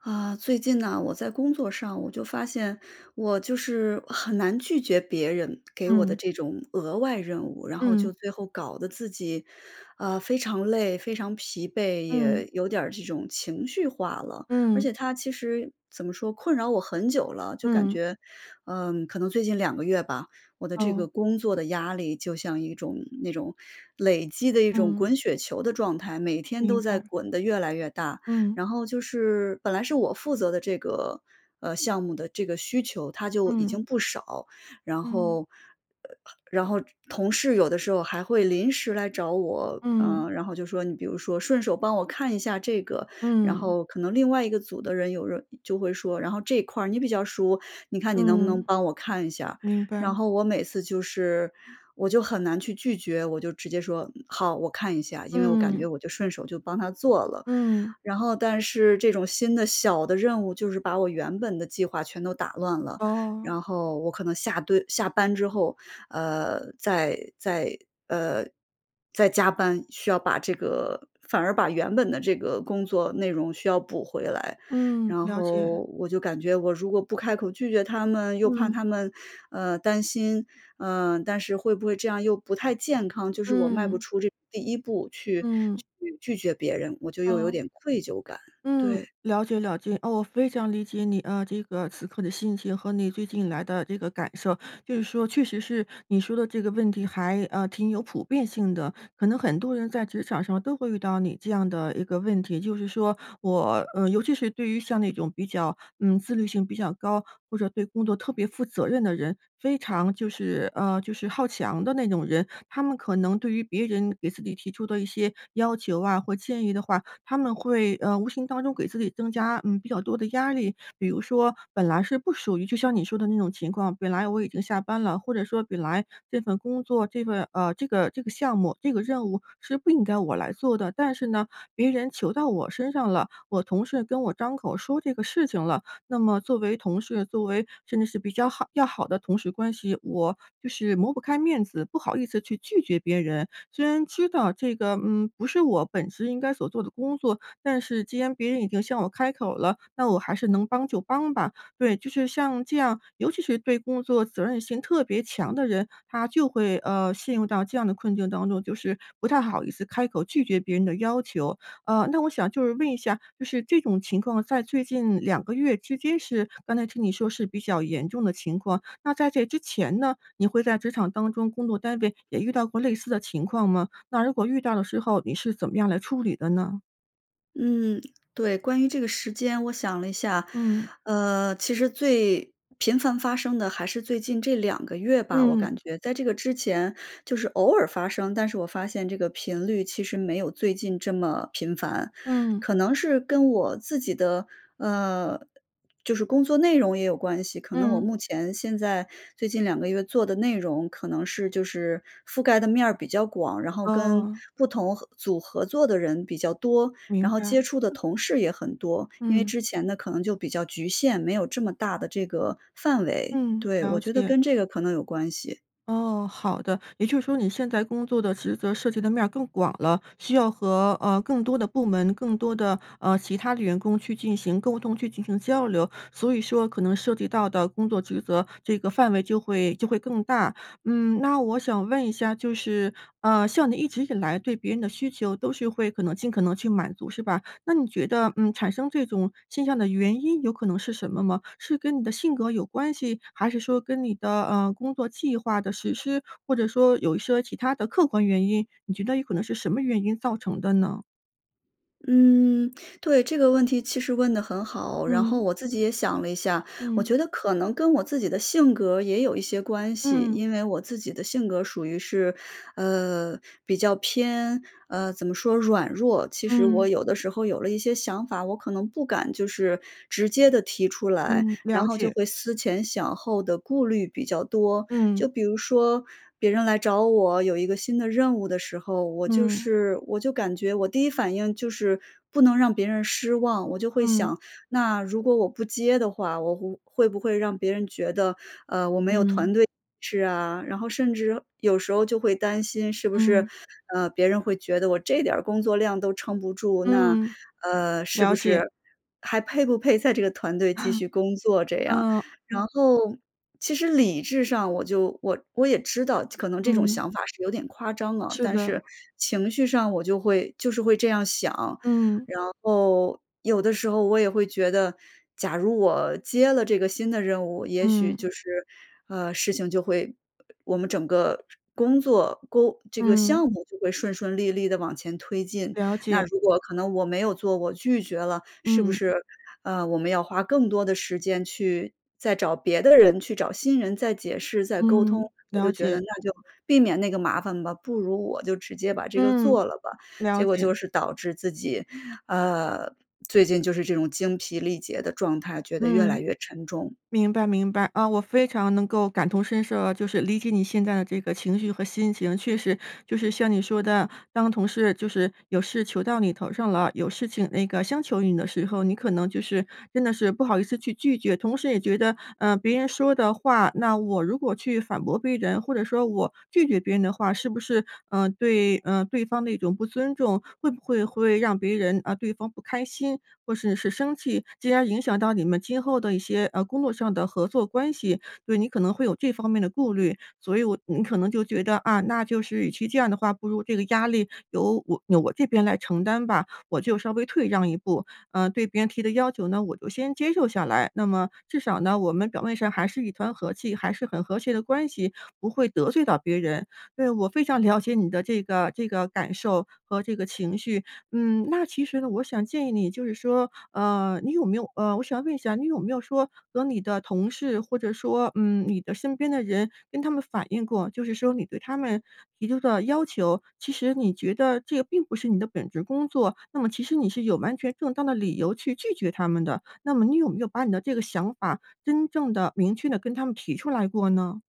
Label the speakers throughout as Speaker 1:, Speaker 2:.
Speaker 1: 啊，最近呐，我在工作上，我就发现，我就是很难拒绝别人给我的
Speaker 2: 嗯。
Speaker 1: 这种额外任务，然后
Speaker 2: 嗯。
Speaker 1: 就最后搞得自己，啊，非常累、非常疲惫，
Speaker 2: 嗯。
Speaker 1: 也有点儿这种情绪化了。而
Speaker 2: 嗯。
Speaker 1: 且它其实，怎么说，困扰我很久了。就感
Speaker 2: 嗯。
Speaker 1: 觉，嗯，可能最近2个月吧，我的这个
Speaker 2: 哦。
Speaker 1: 工作的压力就像一种那种累积的一种
Speaker 2: 嗯。
Speaker 1: 滚雪球的状态，每天
Speaker 2: 明
Speaker 1: 都在
Speaker 2: 白。
Speaker 1: 滚得越来越大。
Speaker 2: 嗯。
Speaker 1: 然后就是本来是我负责的这个呃，项目的这个需求，它就已经
Speaker 2: 嗯。
Speaker 1: 不少，然后
Speaker 2: 嗯。
Speaker 1: 呃，然后只同事有的时候还会临时来找我啊，
Speaker 2: 嗯。
Speaker 1: 然后就说你比如说：“顺手帮我看一下这个。”然
Speaker 2: 嗯。
Speaker 1: 后可能另外一个组的人有人，嗯，就会说：“然后这一块儿你比较熟，你看你能不能
Speaker 2: 嗯。
Speaker 1: 帮我看一下儿？”
Speaker 2: 明白。
Speaker 1: 然后我每次就是我就很难去拒绝，我就直接说：“嗯好，我看一下。”因为我感觉
Speaker 2: 嗯。
Speaker 1: 我就顺手就帮他做了。
Speaker 2: 嗯。
Speaker 1: 然后但是这种新的、小的任务就是把我原本的计划全都打乱了，
Speaker 2: 哦。
Speaker 1: 然后我可能下对，下班之后，呃，再再呃，再加班，需要把这个反而把原本的这个工作内容需要补回来。
Speaker 2: 嗯，
Speaker 1: 然
Speaker 2: 了解。
Speaker 1: 后我就感觉我如果不开口拒绝他们，又怕
Speaker 2: 嗯。
Speaker 1: 他们，呃，担心，呃，但是会不会这样又不太健康，就是我迈不
Speaker 2: 嗯。
Speaker 1: 出这第1步去
Speaker 2: 嗯。
Speaker 1: 去拒绝别人，我就又有
Speaker 2: 哦。
Speaker 1: 点愧疚感，
Speaker 2: 嗯，
Speaker 1: 对。
Speaker 2: 了解了解。哦，我非常理解你，呃，这个此刻的心情和你最近以来的这个感受。就是说确实是你说的这个问题还，呃，挺有普遍性的。可能很多人在职场上都会遇到你这样的一个问题，就是说我呃，尤其是对于像那种比较嗯，自律性比较高，或者对工作特别负责任的人，非常就是呃，就是好强的那种人。他们可能对于别人给自己提出的一些要求啊或建议的话，他们会，呃，无形当中给自己增加，嗯，比较多的压力。比如说本来是不属于就像你说的那种情况，本来我已经下班了，或者说本来这份工作，这份呃，这个这个项目、这个任务是不应该我来做的。但是呢，别人求到我身上了，我同事跟我张口说这个事情了，那么作为同事作为甚至是比较好要好的同事关系，我就是抹不开面子，不好意思去拒绝别人。虽然知道这个，嗯，不是我本职应该所做的工作，但是既然别人已经向我开口了，那我还是能帮就帮吧。对，就是像这样尤其是对工作责任心特别强的人，他就会，呃，陷入到这样的困境当中，就是不太好意思开口拒绝别人的要求。呃，那我想就是问一下，就是这种情况在最近2个月之间是刚才听你说是比较严重的情况。那在这之前呢，你会在职场当中工作单位也遇到过类似的情况吗？那如果遇到的时候，你是怎么样来处理的呢？
Speaker 1: 嗯，对，关于这个时间我想了一下。
Speaker 2: 嗯。
Speaker 1: 呃，其实最频繁发生的还是最近这2个月吧，我
Speaker 2: 嗯。
Speaker 1: 感觉，在这个之前就是偶尔发生，但是我发现这个频率其实没有最近这么频繁。
Speaker 2: 嗯。
Speaker 1: 可能是跟我自己的，呃，就是工作内容也有关系，可能我
Speaker 2: 嗯。
Speaker 1: 目前现在最近2个月做的内容可能是就是覆盖的面儿比较广，然后跟
Speaker 2: 哦。
Speaker 1: 不同合组合作的人比较多，然
Speaker 2: 明
Speaker 1: 后接
Speaker 2: 白。
Speaker 1: 触的同事也很多。因为
Speaker 2: 嗯。
Speaker 1: 之前的可能就比较局限，没有这么大的这个范围，
Speaker 2: 嗯，
Speaker 1: 对，我
Speaker 2: 了
Speaker 1: 觉得
Speaker 2: 解。
Speaker 1: 跟这个可能有关系。
Speaker 2: 哦，好的。也就是说你现在工作的职责涉及的面儿更广了，需要和，呃，更多的部门，更多的呃，其他的员工去进行沟通、去进行交流。所以说可能涉及到的工作职责，这个范围就会就会更大。嗯，那我想问一下就是，呃，像你一直以来对别人的需求都是会可能尽可能去满足是吧？那你觉得，嗯，产生这种现象的原因有可能是什么吗？是跟你的性格有关系，还是说跟你的，呃，工作计划的实施，或者说有一些其它的客观原因？你觉得有可能是什么原因造成的呢？
Speaker 1: 嗯，对，这个问题其实问得很好。然后
Speaker 2: 嗯。
Speaker 1: 我自己也想了一下，我
Speaker 2: 嗯。
Speaker 1: 觉得可能跟我自己的性格也有一些关系。
Speaker 2: 嗯。
Speaker 1: 因为我自己的性格属于是，呃，比较偏，呃，怎么说？软弱。其实我
Speaker 2: 嗯。
Speaker 1: 有的时候有了一些想法，我可能不敢就是直接地提出来，
Speaker 2: 嗯，
Speaker 1: 然
Speaker 2: 了
Speaker 1: 后就
Speaker 2: 解。
Speaker 1: 会思前想后地顾虑比较多。就
Speaker 2: 嗯。
Speaker 1: 比如说别人来找我，有一个新的任务的时候，我就
Speaker 2: 嗯。
Speaker 1: 是我就感觉我第一反应就是不能让别人失望。我就会
Speaker 2: 嗯。
Speaker 1: 想，那如果我不接的话，我不会不会让别人觉得，呃，我没
Speaker 2: 嗯。
Speaker 1: 有团队意识啊。然后甚至有时候就会担心是不是，
Speaker 2: 嗯。
Speaker 1: 呃，别人会觉得我这点儿工作量都撑不住，那，
Speaker 2: 嗯，
Speaker 1: 呃，是不
Speaker 2: 了解。
Speaker 1: 是还配不配在这个团队继 续工作，这样。
Speaker 2: 嗯，
Speaker 1: 然
Speaker 2: 嗯。
Speaker 1: 后其实理智上我就我我也知道，可能这种
Speaker 2: 嗯。
Speaker 1: 想法是有点夸张了，
Speaker 2: 是
Speaker 1: 但
Speaker 2: 的。
Speaker 1: 是，情绪上，我就会就是会这样想。
Speaker 2: 嗯。
Speaker 1: 然后，有的时候，我也会觉得假如我接了这个新的任务，也许
Speaker 2: 嗯。
Speaker 1: 就是，呃，事情就会我们整个工作、沟这个
Speaker 2: 嗯。
Speaker 1: 项目就会顺顺利利地往前推进。
Speaker 2: 了
Speaker 1: 那
Speaker 2: 解。
Speaker 1: 如果可能我没有做，我拒绝了，是不
Speaker 2: 嗯。
Speaker 1: 是，呃，我们要花更多的时间去再找别的人去找新人再解释再沟通。
Speaker 2: 嗯，
Speaker 1: 我就
Speaker 2: 了
Speaker 1: 觉得
Speaker 2: 解。
Speaker 1: 那就避免那个麻烦吧，不如我就直接把这个
Speaker 2: 嗯，
Speaker 1: 做了吧。
Speaker 2: 了
Speaker 1: 结果
Speaker 2: 解。
Speaker 1: 就是导致自己，呃，最近就是这种精疲力竭的状态，觉得越来
Speaker 2: 嗯，
Speaker 1: 越沉重。
Speaker 2: 明白明白。嗯，我非常能够感同身受啊，就是理解你现在的这个情绪和心情。确实就是像你说的，当同事就是有事求到你头上了，有事情那个相求于你的时候，你可能就是真的是不好意思去拒绝。同时也觉得，呃，别人说的话，那我如果去反驳别人，或者说我拒绝别人的话，是不是，呃，对，呃，对方的一种不尊重。会不会会让别人，呃，对方不开心或是是生气，进而影响到你们今后的一些，呃，工作上的合作关系，所以你可能会有这方面的顾虑。所以你可能就觉得啊，那就是与其这样的话，不如这个压力由我我这边来承担吧，我就稍微退让一步。呃，对别人提的要求呢，我就先接受下来，那么至少呢，我们表面上还是一团和气，还是很和谐的关系，不会得罪到别人。对，我非常了解你的这个这个感受和这个情绪，嗯，那其实呢，我想建议你就是说，呃，你有没有，呃我想问一下你有没有说和你的同事或者说，嗯，你的身边的人跟他们反映过，就是说你对他们提出的要求，其实你觉得这个并不是你的本职工作，那么其实你是有完全正当的理由去拒绝他们的。那么你有没有把你的这个想法真正地、明确地跟他们提出来过呢？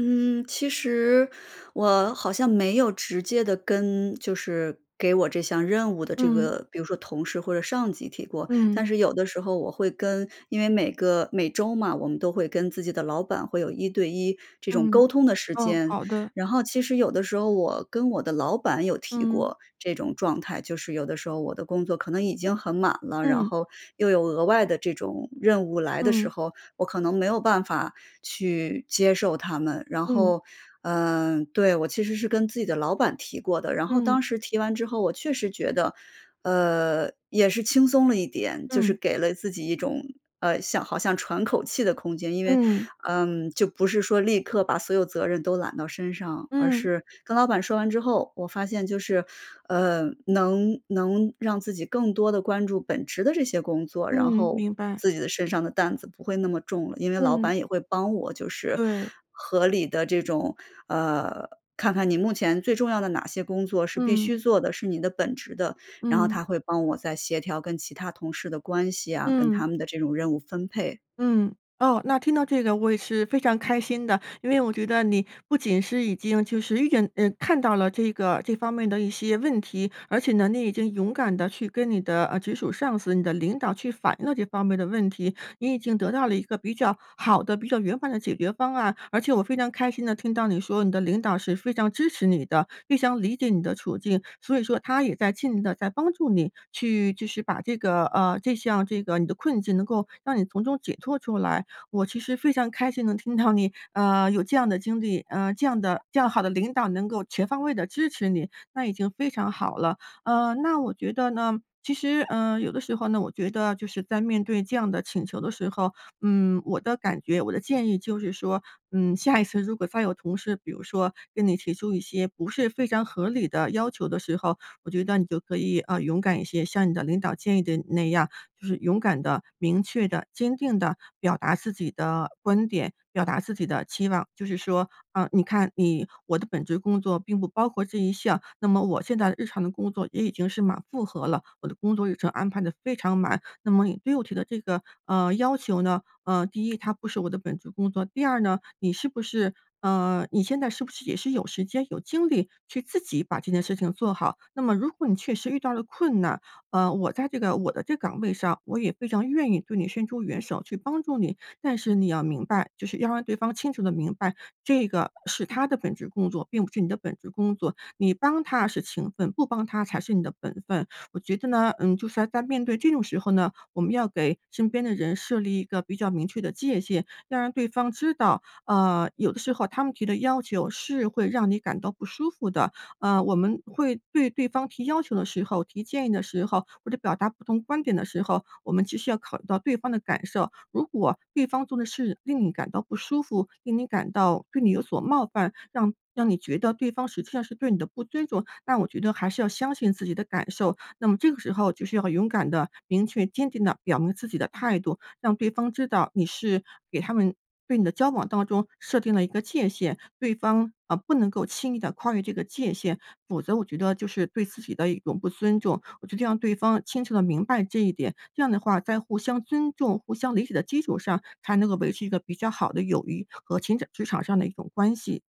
Speaker 1: 嗯，其实我好像没有直接地跟就是给我这项任务的这
Speaker 2: 嗯。
Speaker 1: 个比如说同事或者上级提过，
Speaker 2: 嗯。
Speaker 1: 但是有的时候我会跟因为每个每周嘛，我们都会跟自己的老板会有1对1这种沟
Speaker 2: 嗯，
Speaker 1: 通的时
Speaker 2: 哦，
Speaker 1: 间。
Speaker 2: 好的。
Speaker 1: 然后其实有的时候我跟我的老板有提
Speaker 2: 嗯。
Speaker 1: 过这种状态，就是有的时候我的工作可能已经很满了，然
Speaker 2: 嗯。
Speaker 1: 后又有额外的这种任务来的时
Speaker 2: 嗯。
Speaker 1: 候，我可能没有办法去接受他们。然
Speaker 2: 嗯。
Speaker 1: 后，嗯对，我其实是跟自己的老板提过的，然后
Speaker 2: 嗯。
Speaker 1: 当时提完之后，我确实觉得，呃，也是轻松了一点，就是
Speaker 2: 嗯。
Speaker 1: 给了自己一种，呃，像好像喘口气的空间。因为，
Speaker 2: 嗯。
Speaker 1: 嗯，就不是说立刻把所有责任都揽到身上，而
Speaker 2: 嗯。
Speaker 1: 是跟老板说完之后，我发现就是，呃，能能让自己更多的关注本职的这些工作，然
Speaker 2: 嗯，
Speaker 1: 后
Speaker 2: 明白。
Speaker 1: 自己的身上的担子不会那么重了，因为老
Speaker 2: 嗯。
Speaker 1: 板也会帮我就是
Speaker 2: 对。
Speaker 1: 合理地这种呃，看看你目前最重要的哪些工作是必须
Speaker 2: 嗯。
Speaker 1: 做的，是你的本职的，然后他
Speaker 2: 嗯。
Speaker 1: 会帮我再协调跟其他同事的关系啊，跟他
Speaker 2: 嗯。
Speaker 1: 们的这种任务分配。
Speaker 2: 嗯。哦，那听到这个我也是非常开心的，因为我觉得你不仅是已经就是遇见，呃看到了这个这方面的一些问题，而且呢，你已经勇敢地去跟你的，呃，直属上司你的领导去反映了这方面的问题，你已经得到了一个比较好的，比较圆满的解决方案。而且我非常开心地听到你说你的领导是非常支持你的，非常理解你的处境，所以说他也在尽力地在帮助你去就是把这个，呃，这项这个你的困境能够让你从中解脱出来。我其实非常开心能听到你。呃，有这样的经历，呃，这样的这样好的领导能够全方位地支持你，那已经非常好了。呃，那我觉得呢，其实，呃，有的时候呢，我觉得就是在面对这样的请求的时候，嗯，我的感觉，我的建议就是说，嗯，下一次如果再有同事，比如说跟你提出一些不是非常合理的要求的时候，我觉得你就可以，啊，勇敢一些，像你的领导建议的那样，就是勇敢地、明确地、坚定地表达自己的观点、表达自己的期望。就是说，嗯，你看你我的本职工作并不包括这一项，那么我现在日常的工作也已经是满负荷了，我的工作日程安排得非常满，那么你对我提的这个，呃，要求呢，呃，第一它不是我的本职工作，第二呢，你是不是呃，你现在是不是也是有时间有精力去自己把这件事情做好。那么如果你确实遇到了困难，呃，我在这个我的这岗位上，我也非常愿意对你伸出援手去帮助你。但是你要明白，就是要让对方清楚地明白，这个是他的本职工作，并不是你的本职工作，你帮他是情分，不帮他才是你的本分。我觉得呢，嗯，就是要在面对这种时候呢，我们要给身边的人设立一个比较明确的界限，要让对方知道，嗯，有的时候他们提的要求是会让你感到不舒服的。嗯，我们会对对方提要求的时候、提建议的时候，或者表达不同观点的时候，我们其实要考虑到对方的感受，如果对方做的事令你感到不舒服，令你感到对你有所冒犯，让让你觉得对方实际上是对你的不尊重，那我觉得还是要相信自己的感受。那么这个时候就是要勇敢地明确坚定地表明自己的态度，让对方知道你是给他们对你的交往当中，设定了一个界限，对方，嗯，不能够轻易地跨越这个界限，否则我觉得就是对自己的一种不尊重。我觉得让对方清楚地明白这一点，这样的话，在互相尊重、互相理解的基础上，才能够维持一个比较好的友谊和情职场上的一种关系。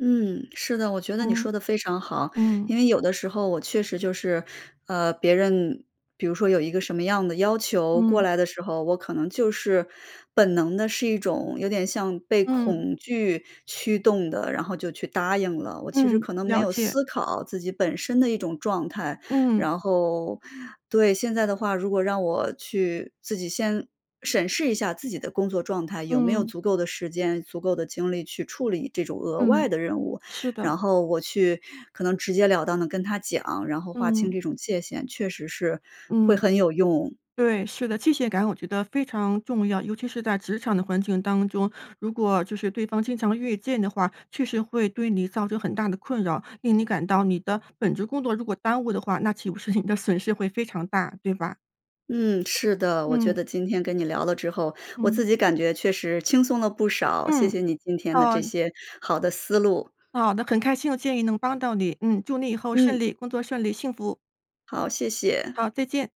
Speaker 1: 嗯，是的，我觉得你说
Speaker 2: 嗯。
Speaker 1: 得非常好。
Speaker 2: 嗯。
Speaker 1: 因为有的时候我确实就是，呃，别人比如说有一个什么样的要求过
Speaker 2: 嗯。
Speaker 1: 来的时候，我可能就是本能地是一种，有点像被
Speaker 2: 嗯。
Speaker 1: 恐惧驱动的，然后就去答应了，我其实
Speaker 2: 嗯，
Speaker 1: 可能没
Speaker 2: 了
Speaker 1: 有
Speaker 2: 解。
Speaker 1: 思考自己本身的一种状态。
Speaker 2: 嗯。
Speaker 1: 然后对，现在的话，如果让我去自己先，审视一下自己的工作状态，有没有
Speaker 2: 嗯。
Speaker 1: 足够的时间、足够的精力去处理这种额外
Speaker 2: 嗯，
Speaker 1: 的任务，
Speaker 2: 是的。
Speaker 1: 然后我去，可能直截了当地跟他讲，然后划清
Speaker 2: 嗯。
Speaker 1: 这种界限，确实是，会
Speaker 2: 嗯，
Speaker 1: 很有用。
Speaker 2: 对，是的。界限感我觉得非常重要，尤其是在职场的环境当中。如果就是对方经常越界的话，确实会对你造成很大的困扰，令你感到你的本职工作如果耽误的话，那岂不是你的损失会非常大，对吧？
Speaker 1: 嗯，是的，我觉
Speaker 2: 嗯。
Speaker 1: 得今天跟你聊了之后，我自
Speaker 2: 嗯。
Speaker 1: 己感觉确实轻松了不少，谢
Speaker 2: 嗯，
Speaker 1: 谢你今天的
Speaker 2: 呃
Speaker 1: 这些好的思路。
Speaker 2: 好的，很开心我建议能帮到你。嗯，祝你以后顺
Speaker 1: 嗯。
Speaker 2: 利工作顺利，幸福。
Speaker 1: 好，谢谢。
Speaker 2: 好，再见。